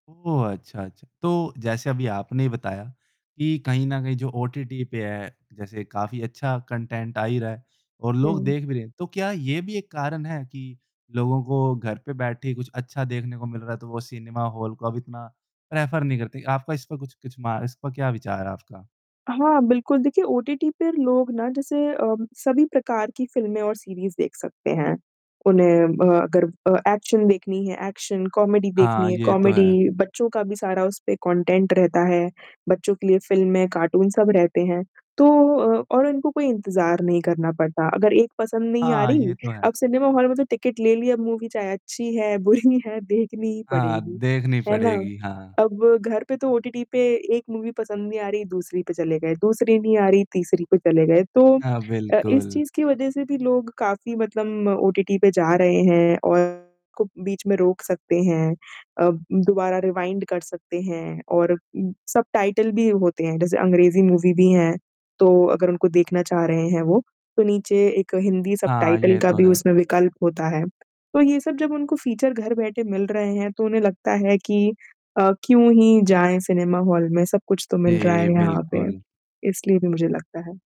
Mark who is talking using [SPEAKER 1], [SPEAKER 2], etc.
[SPEAKER 1] ओह! अच्छा, अच्छा। तो जैसे अभी आपने ही बताया, कि कहीं न कहीं जो ओटीटी पे है, जैसे काफ़ी अच्छा कंटेंट आ ही रहा है और लोग
[SPEAKER 2] हुँ।
[SPEAKER 1] देख भी रहे हैं। तो क्या ये भी एक कारण है कि लोगों को घर पे बैठे ही कुछ अच्छा देखने को मिल रहा है तो वो सिनेमा हॉल को अब इतना प्रेफर नहीं करते? आपका इस पे कुछ कुछ मा इस पर क्या विचार है आपका?
[SPEAKER 2] हाँ, बिल्कुल देखिए ओटीटी पे लोग ना जैसे अम, सभी प्रकार की फ़िल्में और सीरीज़ देख सकते हैं। उन्हें ब अगर अ, एक्शन देखनी है एक्शन, कॉमेडी देखनी
[SPEAKER 1] हाँ,
[SPEAKER 2] है
[SPEAKER 1] ये तो है।
[SPEAKER 2] कॉमेडी, बच्चों का भी सारा उस पे कॉन्टेंट रहता है। बच्चों के लिए फिल्में, कार्टून सब रहते हैं, तो अ, और इनको कोई इंतज़ार नहीं करना पड़ता। अगर एक पसंद नहीं आ
[SPEAKER 1] हाँ,
[SPEAKER 2] रही,
[SPEAKER 1] ये तो है।
[SPEAKER 2] आप सिनेमा हॉल में तो टिकट ले लिया मूवी चाहे अच्छी है, बुरी है देखनी ही
[SPEAKER 1] हाँ,
[SPEAKER 2] पड़ेगी।
[SPEAKER 1] देखनी
[SPEAKER 2] है ना?
[SPEAKER 1] पड़ेगी। हाँ।
[SPEAKER 2] अब घर पे तो ओटीटी पे एक मूवी पसंद नहीं आ रही दूसरी पे चले गए, दूसरी नहीं आ रही तीसरी पे चले गए, तो
[SPEAKER 1] हाँ,
[SPEAKER 2] अ, इस
[SPEAKER 1] बिल्कुल।
[SPEAKER 2] चीज़ की वजह से भी लोग काफ़ी मतलब ओटीटी पे जा रहे हैं और [unintelligible] बीच में रोक सकते हैं। अ, दोबारा रिवाइंड कर सकते हैं और उम, सबटाइटल भी होते हैं। जैसे अंग्रेज़ी मूवी भी हैं, तो अगर उनको देखना चाह रहे हैं वो, तो नीचे एक हिंदी
[SPEAKER 1] हाँ,
[SPEAKER 2] सबटाइटल
[SPEAKER 1] ये
[SPEAKER 2] का
[SPEAKER 1] तो
[SPEAKER 2] भी
[SPEAKER 1] है।
[SPEAKER 2] उसमें विकल्प होता है। तो ये सब जब उनको फीचर घर बैठे मिल रहे हैं तो उन्हें लगता है कि अ, क्यों ही जाएँ सिनेमा हॉल में, सब कुछ तो मिल रहा
[SPEAKER 1] जी,
[SPEAKER 2] है यहाँ पे।
[SPEAKER 1] बिल्कुल।
[SPEAKER 2] इसलिए भी मुझे लगता है।